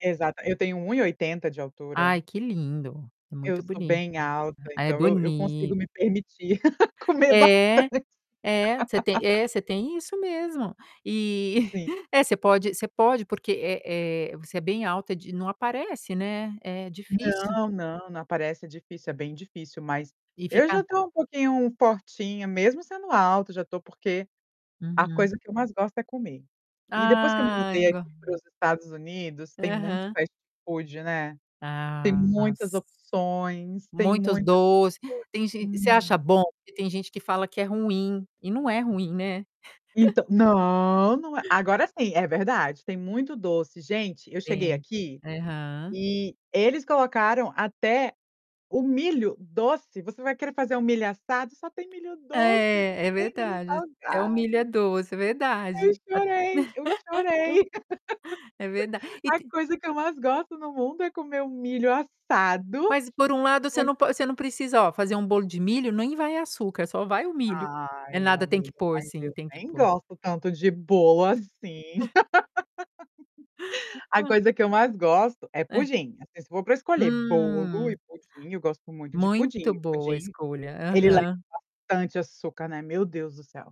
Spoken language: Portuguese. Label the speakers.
Speaker 1: Exata eu tenho 1,80 de altura.
Speaker 2: Ai que lindo, é
Speaker 1: Eu
Speaker 2: muito
Speaker 1: sou
Speaker 2: boni
Speaker 1: bem alta,
Speaker 2: ah, é
Speaker 1: então eu eu consigo
Speaker 2: boni
Speaker 1: me permitir comer bastante.
Speaker 2: É, é. Você tem é você tem isso mesmo. Eh,
Speaker 1: Sim.
Speaker 2: é, você pode você pode porque, eh, eh, você é bem alta de não aparece, né, é difícil.
Speaker 1: Não, não, não aparece. É difícil, é bem difícil mas,
Speaker 2: E
Speaker 1: eu já
Speaker 2: fica
Speaker 1: tô um pouquinho fortinha, mesmo sendo alta. Já tô porque a
Speaker 2: Uhum.
Speaker 1: coisa que eu mais gosto é comer. E depois que eu me
Speaker 2: Ah,
Speaker 1: mudei
Speaker 2: go
Speaker 1: aqui para os Estados Unidos, tem muito
Speaker 2: Aham.
Speaker 1: fast food, né. Tem
Speaker 2: Ah
Speaker 1: muitas
Speaker 2: si
Speaker 1: opções, tem
Speaker 2: Muitos
Speaker 1: muitas
Speaker 2: doce. Tem gen você acha
Speaker 1: [unintelligible]
Speaker 2: bom? E tem gente que fala que é ruim. E não é ruim, né.
Speaker 1: Então não! Não é agora sim, é verdade, tem muito doce. Gente, eu cheguei
Speaker 2: Tem.
Speaker 1: aqui,
Speaker 2: Aham.
Speaker 1: e eles colocaram até o milho doce. Você vai querer fazer o milho assado, só tem milho doce, não
Speaker 2: É, é
Speaker 1: tem milho
Speaker 2: verdade, até o milho é
Speaker 1: salgado.
Speaker 2: doce,
Speaker 1: Eu
Speaker 2: verdade. A
Speaker 1: chorei, eu chorei.
Speaker 2: É verda e
Speaker 1: A
Speaker 2: te
Speaker 1: coisa que eu mais gosto no mundo é comer um milho assado
Speaker 2: Mas por um lado você
Speaker 1: com
Speaker 2: não po você não precisa ó, fazer um bolo de milho nem vai açúcar, só vai o milho. É
Speaker 1: Ai,
Speaker 2: nada, tem que
Speaker 1: amiga,
Speaker 2: pôr
Speaker 1: mas
Speaker 2: sim,
Speaker 1: eu
Speaker 2: tem que
Speaker 1: nem
Speaker 2: pôr.
Speaker 1: gosto tanto de bolo assim. A
Speaker 2: Hã.
Speaker 1: coisa que eu mais gosto é
Speaker 2: Hã.
Speaker 1: pudim. Assim, se for para escolher bolo e
Speaker 2: Hum.
Speaker 1: pudim, eu gosto muito de pudim.
Speaker 2: Muito boa a
Speaker 1: Pudim
Speaker 2: escolha.
Speaker 1: ele [unintelligible]
Speaker 2: Aham.
Speaker 1: bastante açúcar, né, meu Deus do céu.